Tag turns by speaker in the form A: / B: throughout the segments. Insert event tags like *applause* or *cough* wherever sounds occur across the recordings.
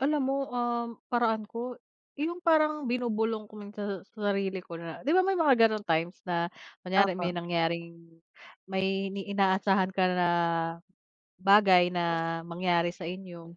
A: Alam mo, ah, paraan ko yung parang binubulong ko minsan sa sarili ko na 'di ba may mga ganong times na kunwari may
B: Opo.
A: nangyaring may inaasahan ka na bagay na mangyari sa inyo.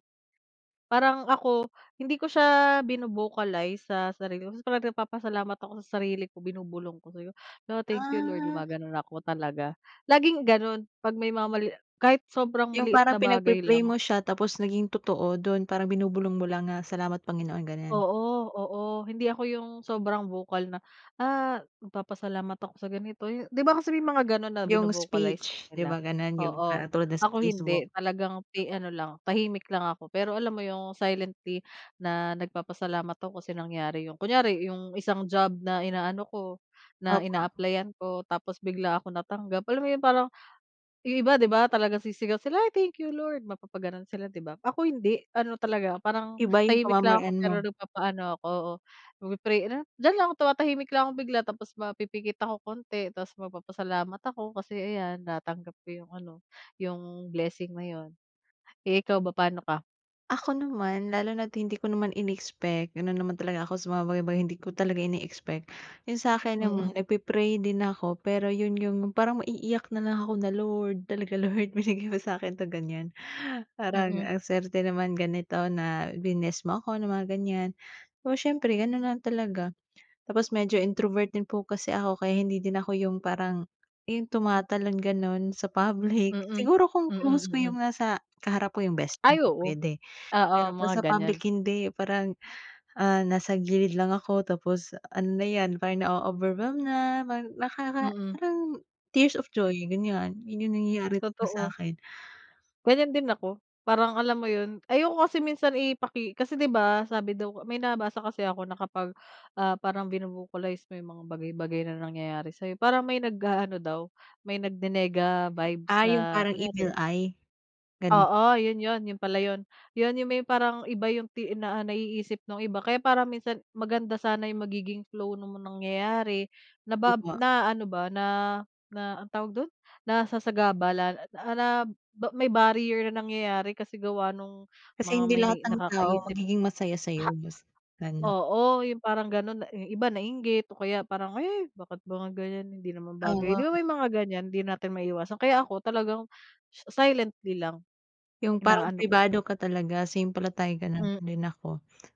A: Parang ako hindi ko siya vino-vocalize sa sarili ko tapos talagang nagpapasalamat ako sa sarili ko, binubulong ko sabi ko, "La, Thank you Lord"
B: Ah.
A: gumaganon ako talaga. Laging ganun 'pag may mga mali kahit sobrang
B: Yung
A: maliit
B: parang
A: na
B: pinag
A: bagay
B: pi-pray
A: lang.
B: mo siya tapos naging totoo, dun parang binubulong mo lang nga, "Salamat Panginoon," ganyan.
A: Oo, oo. Hindi ako yung sobrang vocal na ah, "Magpapasalamat ako sa ganito", 'di ba? Kasi may mga ganon na
B: Yung
A: vino-vocalize pa
B: speech, 'di
A: nila.
B: ba ganun yung
A: Oo,
B: parang tulad na sa
A: ako hindi.
B: Facebook.
A: Talagang pi ano lang tahimik lang ako, pero alam mo yung silently na nagpapasalamat ako kasi nangyari yun. Kunwari yung isang job na inaano ko, na
B: Opo.
A: in-applyan ko tapos bigla akong natanggap, alam mo yun parang yung iba 'di ba, talagang sisigaw sila, "Ay thank you Lord!" mapapaganon sila 'di ba, ako hindi. Ano talaga parang
B: Iba yung
A: tahimik lang ako
B: pamamaraan
A: pero
B: mo.
A: nagpapaano ako nag pi-pray. Ano, diyan lang tumatahimik lang akong bigla, tapos mapipikit ako konti tapos magpapasalamat ako kasi ayan natanggap ko yung ano, yung blessing na yun. Eh, ikaw ba pano ka?
B: Ako naman, lalo na't hindi ko naman inexpect ganon naman talaga ako sa mga bagay bagay hindi ko talaga ine-expect. Yun sa'kin
A: Mm.
B: naman nagpi-pray din ako pero yun yung parang maiiyak na lang ako na, "Lord, talaga Lord binigay mo sakin 'to," ganyan. "Parang
A: Mm.
B: ang swerte naman ganito na bliness mo ako ng mga ganyan," oo, siyempre ganon lang talaga. Tapos medyo introvert po kasi ako kaya hindi din ako yung parang yung tumatalon ganun sa public,
A: Mm,
B: siguro kung
A: mm,
B: close ko
A: mm.
B: yung nasa kaharap ko yung best
A: *clicks tongue* Ay
B: ko
A: oo.
B: puwede
A: Oo
B: pero pag
A: mga
B: sa
A: ganyan.
B: public hindi parang, ah, nasa gilid lang ako tapos ano na 'yan para nao-overwhelm na parang nakaka
A: Mm.
B: parang tears of joy ganyan, yun yung nangyayari talaga
A: Totoo.
B: sa'kin.
A: Ganyan din ako. Parang alam mo yun ayoko kasi minsan ipaki kasi 'di ba sabi daw may nabasa kasi ako na kapag, ah, parang vino-vocalize mo yung mga bagay-bagay na nangyayari sayo, parang may nag-aano daw may nagni-nega-vibes,
B: Ah, yung
A: na
B: parang evil
A: kunyari
B: eye, ganon.
A: Oo yun yun, yun pala yun. Yun yung may parang iba yung ti naiisip nung iba kaya parang minsan maganda sana yung magiging flow nung nangyayari na ba
B: Opo.
A: na ano ba na- na ano'ng tawag dun, nasasagabalan na ma may barrier na nangyayari kasi gawa nung
B: Kasi
A: mga
B: hindi
A: may
B: lahat ng tao
A: nakakaisip.
B: magiging masaya sayo. Mas
A: Ha
B: ano
A: oo, yung parang ganun na yung iba nainggit o kaya parang, "Ay bakit ba ganyan hindi naman bagay"
B: Oo.
A: 'di ba, may mga ganyan hindi natin maiiwasan. Kaya ako talagang sa silently lang,
B: Yung parang
A: inaano ko siya.
B: pribado ka talaga, same pala tayo, ganon
A: Hmm.
B: din ako.